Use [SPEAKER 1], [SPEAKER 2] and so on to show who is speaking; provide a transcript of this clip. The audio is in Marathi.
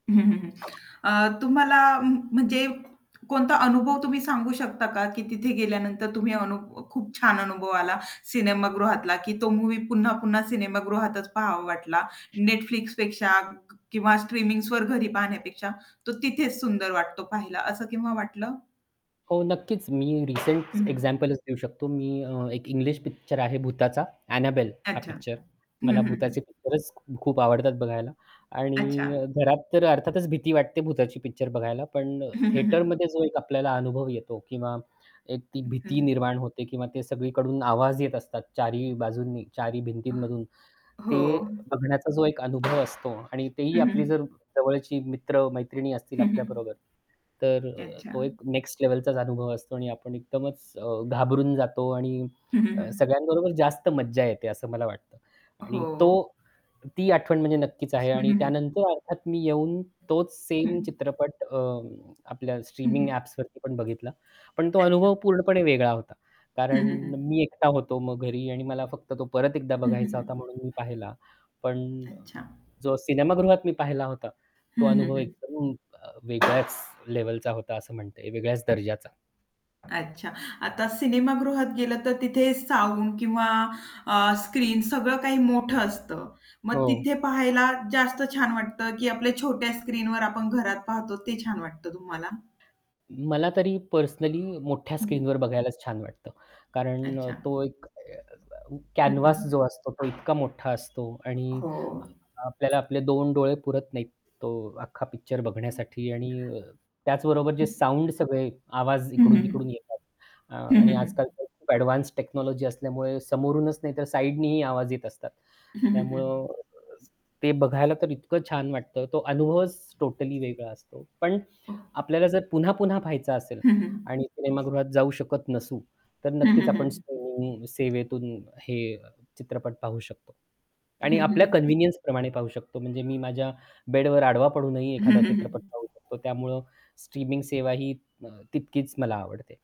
[SPEAKER 1] हं, हं, हं. अ, तुम्हाला म्हणजे कोणता अनुभव तुम्ही सांगू शकता का की तिथे गेल्यानंतर तुम्ही अनु खूप छान अनुभव आला, सिनेमागृहातला की तो मूव्ही पुन्हा-पुन्हा सिनेमागृहातच पाहावा वाटला Netflixपेक्षा क किंवा स्ट्रीमिंग्सवर घरी पाहण्यापेक्षा तो तिथेच सुंदर वाटतो पाहायला, असं केव्हा वाटलं?
[SPEAKER 2] हो, नक्कीच, मी रिसेंट
[SPEAKER 1] हं, हं.
[SPEAKER 2] एक्झॅम्पलच देऊ शकतो. मी अ, एक इंग्लिश पिक्चर आहे भुताचा Annabelle हा
[SPEAKER 1] अच्छा,
[SPEAKER 2] पिक्चर.
[SPEAKER 1] अच्छा.
[SPEAKER 2] मला
[SPEAKER 1] हं, हं,
[SPEAKER 2] भुताचे
[SPEAKER 1] हं.
[SPEAKER 2] पिक्चरच खूप आवडतात बघायला
[SPEAKER 1] अच्छा.
[SPEAKER 2] आणि अ, घरात तर अर्थातच भीती वाटते भुताची पिक्चर बघायला, पण
[SPEAKER 1] हं, हं, हं.
[SPEAKER 2] थेटरमध्ये जो एक आपल्याला अनुभव येतो किंवा एक ती
[SPEAKER 1] हं, हं,
[SPEAKER 2] भीती
[SPEAKER 1] हं.
[SPEAKER 2] निर्माण होते किंवा ते सगळीकडून आवाज येत असतात 4 ही बाजूंनी, 4 ही
[SPEAKER 1] अ,
[SPEAKER 2] भिंतींमधून,
[SPEAKER 1] हो.
[SPEAKER 2] ते बघण्याचा जो एक अनुभव असतो आणि तेही
[SPEAKER 1] हं, हं,
[SPEAKER 2] आपली
[SPEAKER 1] हं.
[SPEAKER 2] जर जवळची मित्र-मैत्रिणी असतील आपल्याबरोबर, तर अ, तो
[SPEAKER 1] अच्छा.
[SPEAKER 2] एक नेक्स्ट लेव्हलचाच अनुभव असतो आणि आपण एकदमच अ, घाबरून जातो आणि
[SPEAKER 1] हं, हं, हं.
[SPEAKER 2] सगळ्यांबरोबर जास्त मज्जा येते असं मला वाटतं. आणि तो
[SPEAKER 1] हो.
[SPEAKER 2] ती आठवण म्हणजे नक्कीच आहे
[SPEAKER 1] हं,
[SPEAKER 2] आणि
[SPEAKER 1] हं, हं.
[SPEAKER 2] त्यानंतर अर्थात मी येऊन तोच
[SPEAKER 1] हं.
[SPEAKER 2] सेम चित्रपट अ, आपल्या
[SPEAKER 1] हं,
[SPEAKER 2] स्ट्रीमिंग
[SPEAKER 1] हं.
[SPEAKER 2] ॲप्सवरती पण बघितला. पण तो
[SPEAKER 1] अच्छा.
[SPEAKER 2] अनुभव पूर्णपणे वेगळा होता.
[SPEAKER 1] हं,
[SPEAKER 2] कारण
[SPEAKER 1] हं, हं.
[SPEAKER 2] मी एकटा होतो मग घरी आणि मला फक्त तो परत एकदा
[SPEAKER 1] हं, हं, हं,
[SPEAKER 2] बघायचा
[SPEAKER 1] हं,
[SPEAKER 2] होता
[SPEAKER 1] हं.
[SPEAKER 2] म्हणून मी पाहिला. पण
[SPEAKER 1] अच्छा.
[SPEAKER 2] जो सिनेमागृहात मी पाहिला होता,
[SPEAKER 1] हं,
[SPEAKER 2] तो
[SPEAKER 1] हं,
[SPEAKER 2] अनुभव
[SPEAKER 1] हं.
[SPEAKER 2] एकदम वेगळ्याच लेव्हलचा होता असं म्हणते वेगळ्याच दर्जाचा.
[SPEAKER 1] अच्छा. आता सिनेमागृहात गेलं तर तिथे साउंड किंवा अ, स्क्रीन सगळं काही मोठं असतं. मग
[SPEAKER 2] हो.
[SPEAKER 1] तिथे पाहायला जास्त छान वाटतं की आपल्या छोट्या स्क्रीनवर आपण घरात पाहतो ते छान वाटतं तुम्हाला?
[SPEAKER 2] मला तरी पर्सनली मोठ्या
[SPEAKER 1] हं, हं.
[SPEAKER 2] स्क्रीनवर बघायलाच छान वाटतं. कारण अ,
[SPEAKER 1] अच्छा.
[SPEAKER 2] तो एक अ,
[SPEAKER 1] हं, हं,
[SPEAKER 2] कॅनव्हास
[SPEAKER 1] हं.
[SPEAKER 2] जो असतो तो इतका मोठा असतो आणि
[SPEAKER 1] हो.
[SPEAKER 2] आपल्याला आपले 2 डोळे पुरत नाहीत तो अख्खा पिक्चर बघण्यासाठी आणि त्याचबरोबर जे
[SPEAKER 1] हं.
[SPEAKER 2] साउंड सगळे आवाज
[SPEAKER 1] हं, हं,
[SPEAKER 2] इकडून-तिकडून
[SPEAKER 1] हं.
[SPEAKER 2] येतात. अ,
[SPEAKER 1] हं,
[SPEAKER 2] आणि
[SPEAKER 1] हं, हं.
[SPEAKER 2] आज-काल तर खूप ॲडव्हान्स्ड टेक्नॉलॉजी असल्यामुळे समोरूनच नाही तर साइडनीही आवाज येत असतात.
[SPEAKER 1] हं, हं,
[SPEAKER 2] त्यामुळं
[SPEAKER 1] हं.
[SPEAKER 2] अ, ते बघायला तर इतकं छान वाटतं. तो अनुभवच टोटली वेगळा असतो. पण
[SPEAKER 1] हो.
[SPEAKER 2] आपल्याला जर पुन्हा-पुन्हा पाहायचा असेल
[SPEAKER 1] हं, हं.
[SPEAKER 2] आणि सिनेमागृहात जाऊ शकत नसू तर
[SPEAKER 1] हं,
[SPEAKER 2] नक्कीच
[SPEAKER 1] हं, हं,
[SPEAKER 2] आपण
[SPEAKER 1] हं.
[SPEAKER 2] स्ट्रीमिंग सेवेतून हे चित्रपट पाहू शकतो.
[SPEAKER 1] हं,
[SPEAKER 2] आणि
[SPEAKER 1] हं,
[SPEAKER 2] आपल्या
[SPEAKER 1] हं.
[SPEAKER 2] कन्व्हिनियन्सप्रमाणे पाहू शकतो म्हणजे मी माझ्या बेडवर आडवा पडूनही
[SPEAKER 1] हं,
[SPEAKER 2] एखादा
[SPEAKER 1] हं,
[SPEAKER 2] चित्रपट
[SPEAKER 1] हं.
[SPEAKER 2] पाहू शकतो त्यामुळं स्ट्रीमिंग सेवाही अ, तितकीच मला आवडते.